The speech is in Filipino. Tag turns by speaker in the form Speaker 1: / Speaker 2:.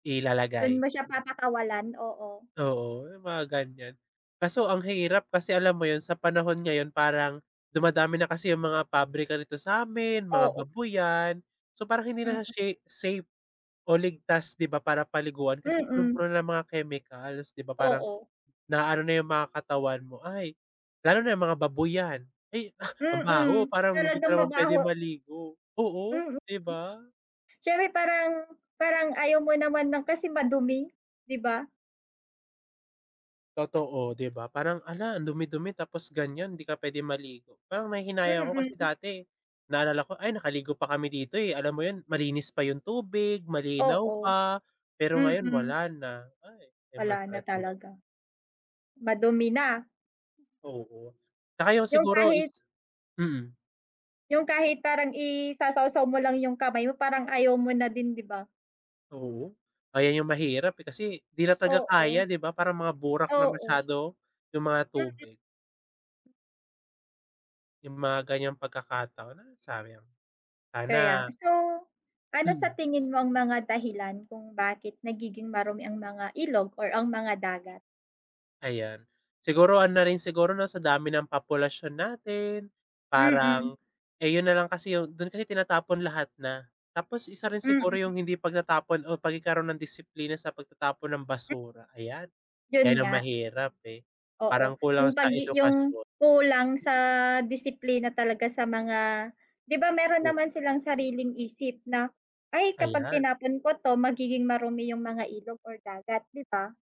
Speaker 1: Dun
Speaker 2: Ilalagay,
Speaker 1: mo siya
Speaker 2: mm.
Speaker 1: papakawalan, oo.
Speaker 2: Oo, yung mga ganyan. Kaso ang hirap kasi alam mo yun, sa panahon ngayon parang, dumadami na kasi yung mga pabrika dito sa'min, mga
Speaker 1: Oo.
Speaker 2: babuyan, so parang hindi na
Speaker 1: Mm.
Speaker 2: shi safe o ligtas, di ba, para paliguan kasi
Speaker 1: Mm.
Speaker 2: punung-puno ng mga chemicals, di ba, parang,
Speaker 1: Oo.
Speaker 2: na-ano na yung mga katawan mo ay lalo na yung mga babuyan, ay ang baho,
Speaker 1: Mm,
Speaker 2: parang hindi ka
Speaker 1: talagang
Speaker 2: naman pwedeng
Speaker 1: mabaho.
Speaker 2: maligo, oo
Speaker 1: Mm,
Speaker 2: di ba?
Speaker 1: siyempre parang parang ayaw mo naman ng kasi madumi, di ba?
Speaker 2: Totoo, di ba, parang hala ang dumi-dumi tapos ganyan, di ka pwedeng maligo parang nanghihinayang ako kasi
Speaker 1: Mm.
Speaker 2: dati, naalala ko ay nakaligo pa kami dito eh, alam mo yun malinis pa yung tubig, malinaw
Speaker 1: Oo.
Speaker 2: pa, pero ngayon
Speaker 1: Mm.
Speaker 2: wala na, ay yun
Speaker 1: Wala na
Speaker 2: masakit dun.
Speaker 1: talaga, madumi na.
Speaker 2: Oo. 'Tsaka yung
Speaker 1: Yung
Speaker 2: siguro is
Speaker 1: kahit
Speaker 2: mm.
Speaker 1: Yung kahit parang i-sasawsaw mo lang yung kamay mo, parang ayaw mo na din, di ba?
Speaker 2: Oo, ayan yung mahirap eh, kasi di na talaga
Speaker 1: Oo.
Speaker 2: kaya, di ba, parang mga burak na
Speaker 1: Oo.
Speaker 2: masyado, yung mga
Speaker 1: Mm.
Speaker 2: tubig. Yung mga ganyang pagkakataon ah, sayang,
Speaker 1: Kaya,
Speaker 2: sana
Speaker 1: so, ano sa
Speaker 2: Mm.
Speaker 1: tingin mo ang mga dahilan kung bakit nagiging marumi ang mga ilog or ang mga dagat?
Speaker 2: Ayan, siguro ano rin siguro 'no sa dami ng populasyon natin,
Speaker 1: Mm.
Speaker 2: parang, eh, yun nalang kasi yung dun kasi tinatapon lahat na, tapos isa rin siguro
Speaker 1: Mm.
Speaker 2: yung hindi pagtatapon o pagkakaroon ng disiplina sa pagtatapon ng
Speaker 1: M
Speaker 2: basura. Ayan, yan
Speaker 1: Yun
Speaker 2: ang
Speaker 1: nga.
Speaker 2: mahirap eh, parang
Speaker 1: Oo, yung
Speaker 2: kulang
Speaker 1: pag
Speaker 2: sa
Speaker 1: i yung
Speaker 2: edukasyon.
Speaker 1: kulang sa disiplina talaga sa mga di ba meron
Speaker 2: Mm.
Speaker 1: naman silang sariling isip na, ay kapag
Speaker 2: Ayan.
Speaker 1: tinapon ko 'to magiging marumi yung mga ilog or dagat, di ba?